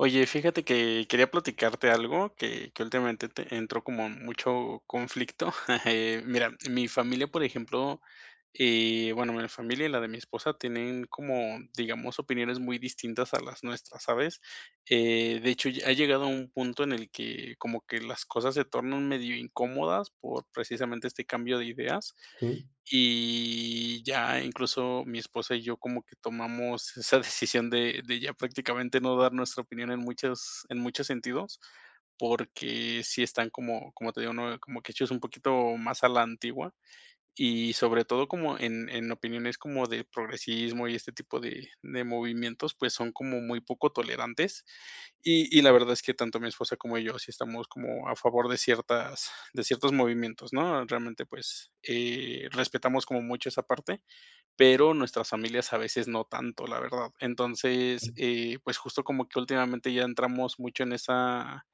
Oye, fíjate que quería platicarte algo que que últimamente te entró como mucho conflicto, eh, mira, mi familia, por ejemplo, eh, bueno, mi familia y la de mi esposa tienen como, digamos, opiniones muy distintas a las nuestras, ¿sabes?, eh, de hecho, lle ha llegado a un punto en el que como que las cosas se tornan medio incómodas por precisamente este cambio de ideas, Sí. y ya incluso mi esposa y yo como que tomamos esa decisión de de ya prácticamente no dar nuestra opinión en muchas en muchos sentidos, porque sí están como como te digo, ¿no?, como que hechos un poquito más a la antigua, y sobre todo como en en opiniones como de progresismo y este tipo de de movimientos, pues, son como muy poco tolerantes. Y y la verdad es que tanto mi esposa como yo sí estamos como a favor de ciertas de ciertos movimientos, ¿no? Realmente, pues, eh, respetamos como mucho esa parte, pero nuestras familias a veces no tanto, la verdad. Entonces, eh, pues, justo como que últimamente ya entramos mucho en esa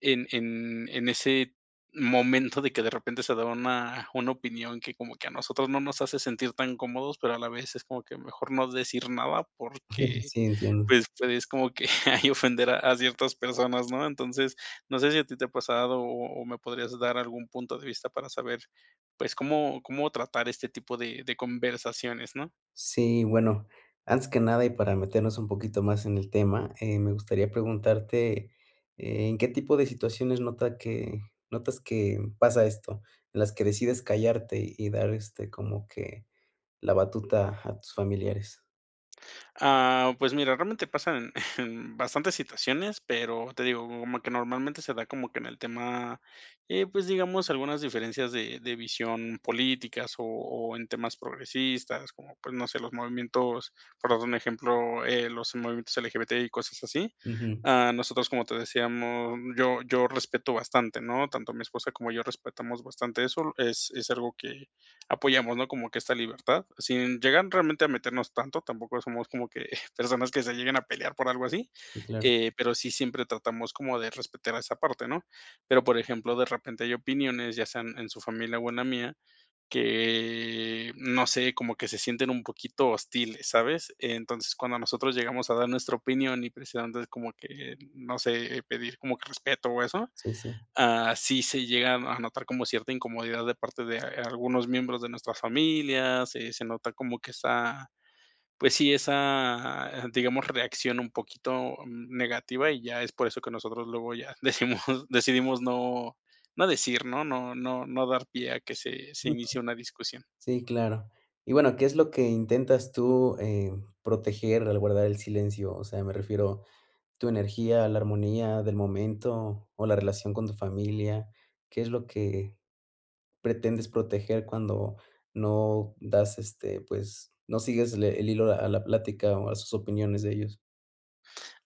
en en en ese momento de que de repente se da una una opinión que como que a nosotros no nos hace sentir tan cómodos, pero a la vez es como que mejor no decir nada, porque, Sí, entiendo. pues, es como que ahí ofender a a ciertas personas, ¿no? Entonces, no sé si a ti te ha pasado, o o me podrías dar algún punto de vista para saber, pues, cómo cómo tratar este tipo de de conversaciones, ¿no? Sí, bueno, antes que nada y para meternos un poquito más en el tema, eh, me gustaría preguntarte. ¿En qué tipo de situaciones nota que notas que pasa esto? En las que decides callarte, y dar, este, como que la batuta a tus familiares. Ah, pues, mira, realmente pasan en bastantes situaciones, pero te digo, como que normalmente se da como que en el tema, eh, pues, digamos, algunas diferencias de de visión políticas, o o en temas progresistas. Como, pues, no sé, los movimientos, por dar un ejemplo, eh, los movimientos LGBT, y cosas así. Ujú. Ah, nosotros, como te decíamos, yo yo respeto bastante, ¿no? Tanto mi esposa como yo respetamos bastante eso, es es algo que apoyamos, ¿no? Como que esta libertad. Sin llegar realmente a meternos tanto, tampoco somos como que personas que se lleguen a pelear por algo así, Si, claro. eh, pero sí siempre tratamos como de respetar a esa parte, ¿no? Pero, por ejemplo, de repente hay opiniones, ya sean en su familia o en la mía, que no sé, como que se sienten un poquito hostiles, ¿sabes? Entonces, cuando nosotros llegamos a dar nuestra opinión, y precisamente es como que, no sé, eh, pedir como que respeto o eso. Sí, sí. Ah, sí se llega a a notar como cierta incomodidad de parte de a algunos miembros de nuestras familias, eh, se nota como que esa, pues sí, esa, digamos, reacción un poquito, mm, negativa, y ya es por eso que nosotros luego ya decimos decidimos no no decir, ¿no? No no no dar pie a que se se inicie una discusión. Sí, claro. Y bueno, ¿qué es lo que intentas tú, eh, proteger al guardar el silencio? O sea, me refiero, ¿tu energía, la armonía del momento, o la relación con tu familia? ¿Qué es lo que pretendes proteger cuando no das este, pues, no sigues le el hilo a la plática, o a sus opiniones de ellos?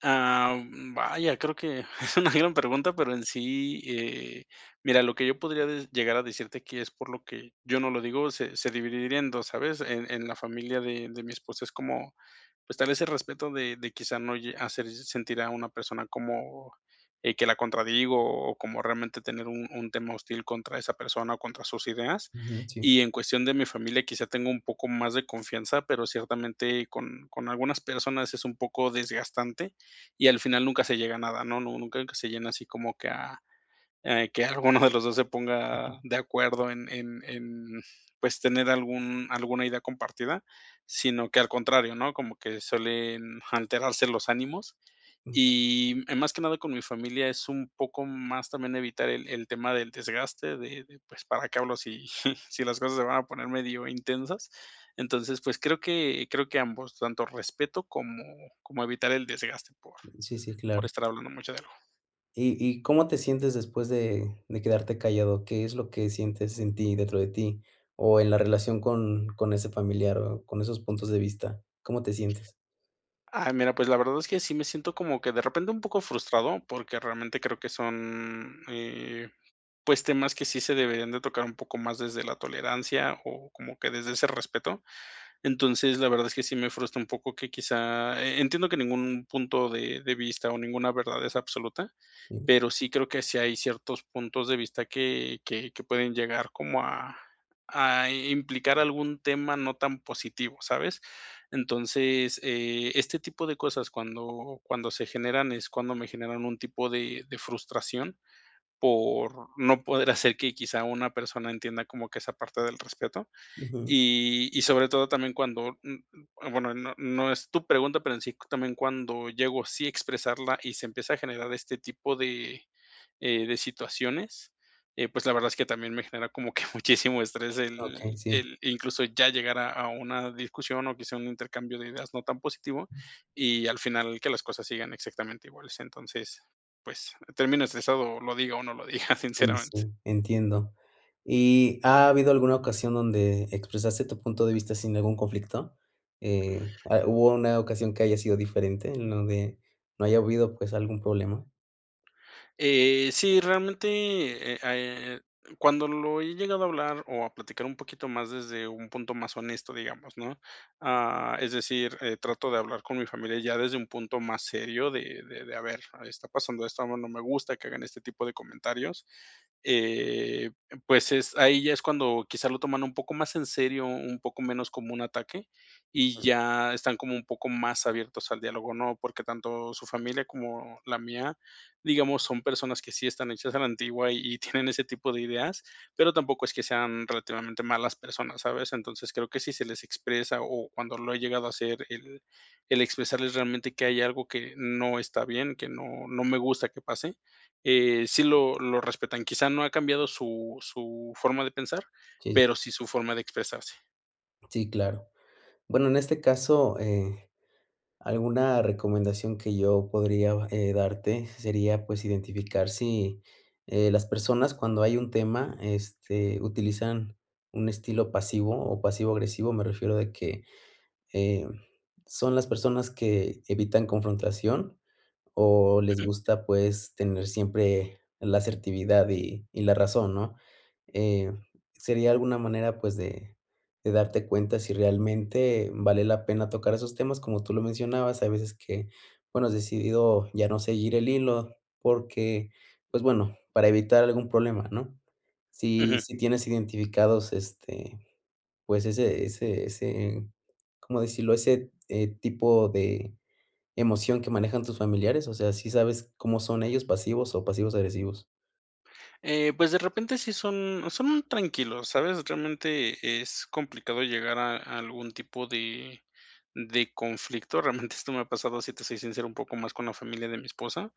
Ah, u mm, vaya, creo que es una gran pregunta, pero en sí eh, mira, lo que yo podría de llegar a decirte que es por lo que yo no lo digo, se se dividiría en 2, ¿sabes? En en la familia de de mi esposa es como, pues, tal ese respeto de de, quizá, no lle hacer se sentir a una persona como, eh, que la contradigo, o como realmente tener un un tema hostil contra esa persona o contra sus ideas. Ujú, sí. Y en cuestión de mi familia, quizá, tenga un poco más de confianza, pero ciertamente con con algunas personas es un poco desgastante, y al final nunca se llega a nada, ¿no? Nu nunca se llena así como que a eh, que alguno de los dos se ponga Ujú. de acuerdo en en en, pues, tener algún alguna idea compartida, sino que al contrario, ¿no? Como que suelen alterarse los ánimos. Mm. [unintelligible] Y, eh, más que nada con mi familia es un poco más también evitar el el tema del desgaste de, de, pues, para qué hablo si si las cosas se van a poner medio intensas. Entonces, pues, creo que creo que ambos, tanto respeto como, como evitar el desgaste por Sí, sí, por claro. estar hablando mucho de algo. ¿Y y cómo te sientes después de de quedarte callado? ¿Qué es lo que sientes en ti, dentro de ti? O en la relación con con ese familiar, o con esos puntos de vista, ¿cómo te sientes? Ay, mira, pues, la verdad es que sí me siento como que de repente un poco frustrado, porque realmente creo que son, eh, pues, temas que sí se deberían de tocar un poco más desde la tolerancia, o como que desde ese respeto. Entonces, la verdad es que sí me frustra un poco que quizá eh, entiendo que ningún punto de de vista, o ninguna verdad es absoluta, Ujú. pero sí creo que sí hay ciertos puntos de vista que que que pueden llegar como a a, eh, implicar algún tema no tan positivo, ¿sabes? Entonces, eh, este tipo de cosas cuando cuando se generan, es cuando me generan un tipo de de frustración por no poder hacer que, quizá, una persona entienda como que esa parte del respeto. Ujú. Y y sobre todo también cuando, n n bueno, no no es tu pregunta, pero en sí, también cuando llego, sí a expresarla, y se empieza a generar este tipo de, eh, de situaciones, eh, pues, la verdad es que también me genera como que muchísimo estrés Okey, el sí. el incluso, ya llegar a a una discusión, o quizá, un intercambio de ideas no tan positivo, y al final que las cosas sigan exactamente iguales. Entonces, pues, terminas estresado, lo diga, o no lo diga, Uy, sinceramente. sí, entiendo. ¿Y ha habido alguna ocasión donde expresaste tu punto de vista sin ningún conflicto?, eh, a ¿hubo una ocasión que haya sido diferente en donde no haya habido, pues, algún problema? Eh, sí, realmente, eh, ah, eh, cuando lo he llegado a hablar o a platicar un poquito más desde un punto más honesto, digamos, ¿no?, ah, es decir, eh, trato de hablar con mi familia ya desde un punto más serio de de de: "A ver, está pasando esto, a mi no me gusta que hagan este tipo de comentarios", eh, pues, es ahí ya es cuando quizás lo toman un poco más en serio, un poco menos como un ataque, y Ujú. ya están como un poco más abiertos al diálogo, ¿no? Porque tanto su familia como la mía, digamos, son personas que sí están hechas a la antigua y tienen ese tipo de ideas, pero tampoco es que sean relativamente malas personas, ¿sabes? Entonces, creo que si se les expresa, o cuando lo he llegado a hacer el el expresarles realmente que hay algo que no está bien, que no no me gusta que pase, eh, sí lo lo respetan. Quizá no ha cambiado su su forma de pensar, Sí, sí. pero sí su forma de expresarse. Sí, claro. Bueno, en este caso, eh, alguna recomendación que yo podría va eh, darte sería, pues, identificar si, eh, las personas cuando hay un tema, este, utilizan un estilo pasivo, o pasivo agresivo, me refiero de que, em, son las personas que evitan confrontación o les Ujú. gusta, pues, tener siempre la asertividad y y la razón, ¿no?, eh, sería alguna manera, pues, de de darte cuenta si realmente vale la pena tocar esos temas, como tú lo mencionabas, hay veces que, bueno, has decidido ya no seguir el hilo porque, pues, bueno, para evitar algún problema, ¿no? Si Ujú. si tienes identificados, este, pues, ese ese ese, ¿cómo decirlo? Ese, eh, tipo de emoción que manejan tus familiares, o sea, ¿sí sabes cómo son ellos? ¿Pasivos, o pasivo-agresivos? Eh, pues, de repente sí son son tranquilos, ¿sabes?, realmente es complicado llegar a a algún tipo de de conflicto, realmente esto me ha pasado, sí te soy sincero, un poco más con la familia de mi esposa,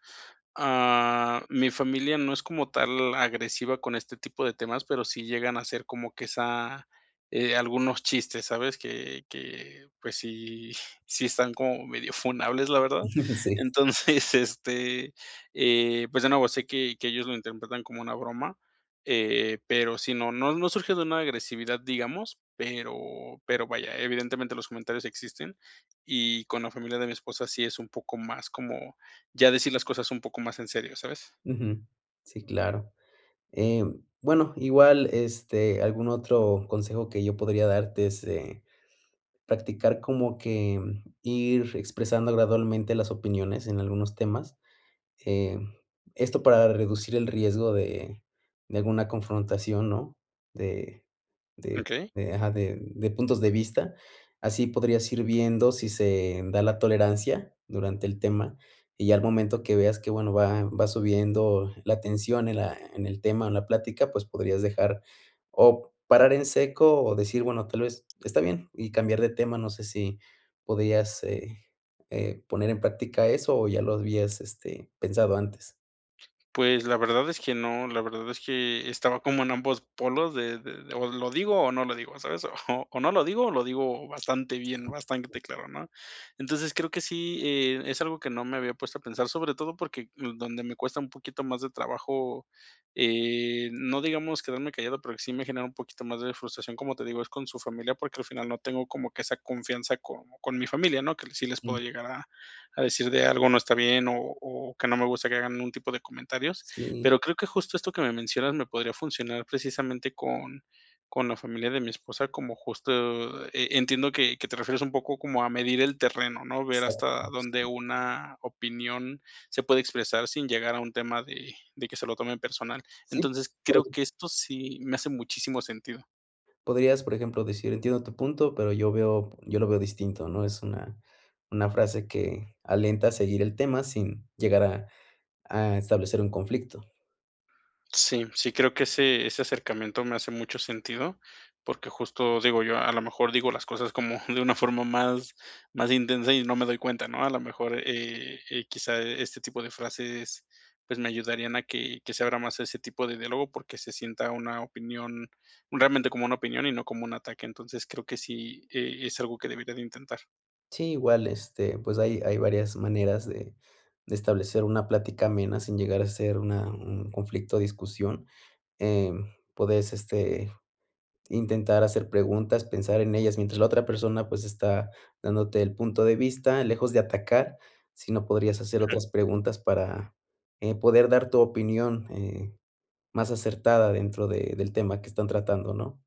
ah, mi familia no es como tal agresiva con este tipo de temas, pero sí llegan a hacer como que esa, eh, algunos chistes, ¿sabes?, que que, pues, sí sí están como medio funables, la verdad. No, sí. Entonces, este, eh, pues, de nuevo, sé que que ellos lo interpretan como una broma, eh, pero sí, no no no surge de una agresividad, digamos, pero pero vaya, evidentemente los comentarios existen, y con la familia de mi esposa sí es un poco más como ya decir las cosas un poco más en serio, ¿sabes? Ujú. Sí, claro, eh, bueno, igual, este, algún otro consejo que yo podría darte es, eh, practicar como que ir expresando gradualmente las opiniones en algunos temas, eh, esto para reducir el riesgo de de alguna confrontación, ¿no? De de Okey. de ajá, de de puntos de vista. Así podrías ir viendo si se da la tolerancia durante el tema, y ya al momento que veas que, bueno, va va subiendo la tensión en la en el tema o en la plática, pues, podrías dejar oc parar en seco o decir: "Bueno, tal vez está bien", y cambiar de tema. No sé si podrías, eh, eh, poner en práctica eso, o ya lo habías, este, pensado antes. Pues, la verdad es que no, la verdad es que estaba como en ambos polos de de, o lo digo, o no lo digo, ¿sabes? O o no lo digo, lo digo bastante bien, [unintelligible] bastante claro, ¿no? Entonces, creo que sí, eh, es algo que no me había puesto a pensar, sobre todo porque d donde me cuesta un poquito más de trabajo, eh, no digamos quedarme callado, pero sí me genera un poquito más de frustración, como te digo, es con su familia, porque, al final, no tengo como que esa confianza, con con mi familia, ¿no?, que sí les puedo [unintelligible] llegar a a decir de algo no está bien, o o que no me gusta que hagan algún tipo de comentarios. Sí. Pero creo que justo esto que me mencionas me podría funcionar precisamente con con la familia de mi esposa, como justo, e entiendo que que te refieres un poco como a medir el terreno, ¿no?, ver hasta dónde [unintelligible] una opinión se puede expresar sin llegar a un tema de de que se lo tomen personal. Sí. Entonces, creo [unintelligible] que esto sí me hace muchísimo sentido. Podrías, por ejemplo, decir: "Entiendo tu punto, pero yo veo yo lo veo distinto", ¿no? Es una una frase que alienta a seguir el tema sin llegar a a establecer un conflicto. Sí. Sí creo que ese ese acercamiento, me hace mucho sentido. Porque justo, digo yo, a lo mejor, digo las cosas, como de una forma más más intensa y no me doy cuenta, ¿no? A la mejor, eh eh, quizá, este tipo de frases, pues me ayudarían a que que se abra más ese tipo de diálogo, porque se sienta una opinión realmente como una opinión y no como un ataque. Entonces, creo que sí, eh, es algo que debería de intentar. Sí. Igual, este, pues hay hay varias maneras de de establecer, una plática amena, sin llegar a ser una un conflicto o discusión, em, podés este, intentar hacer preguntas, pensar en ellas, mientras la otra persona, pues, está dándote el punto de vista, lejos de atacar, sino, podrías hacer Ujú. otras preguntas, para, eh, poder dar tu opinión, eh, más acertada, dentro de del tema, que están tratando, ¿no?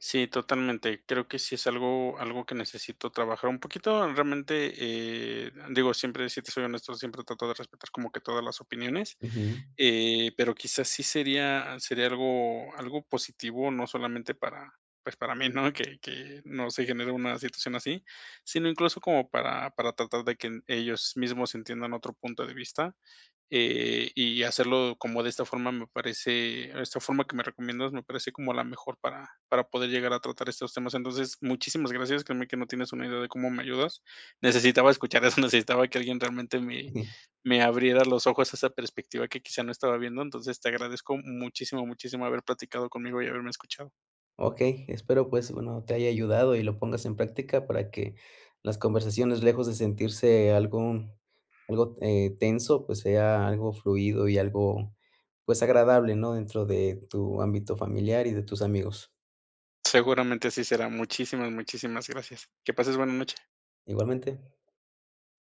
Sí, totalmente. Creo, que sí es algo algo, que necesito trabajar, un poquito. Realmente, eh, digo, siempre, si te soy honesto, siempre trato de respetar, como que todas las opiniones, Ujú. eh, pero quizás, sí sería sería algo algo positivo, no solamente para pues, para mí, ¿no? Que que no se genere una situación así. Sino incluso, como, para para tratar, de que ellos mismos, entiendan otro punto de vista, eh, y hacerlo, como de esta forma, me parece Esta forma que me recomiendas, me parece como la mejor, para para poder llegar a tratar estos temas. Entonces, muchísimas gracias. Créeme, que no tienes una idea de cómo me ayudas. Necesitaba escuchar eso, necesitaba, que alguien realmente me [unintelligible] me abriera los ojos, a esa perspectiva, que quizá, no estaba viendo. Entonces, te agradezco muchísimo, muchísimo, haber platicado conmigo, y haberme escuchado. Okey. Espero, pues, bueno, te haya ayudado, y lo pongas en práctica. Para que, las conversaciones, lejos de sentirse algo algo, eh tenso, pues sea algo fluido, y algo pues, agradable, ¿no? Dentro de tu ámbito familiar, y de tus amigos. Seguramente así será. Muchísimas, muchísimas gracias. Que pases buena noche. Igualmente.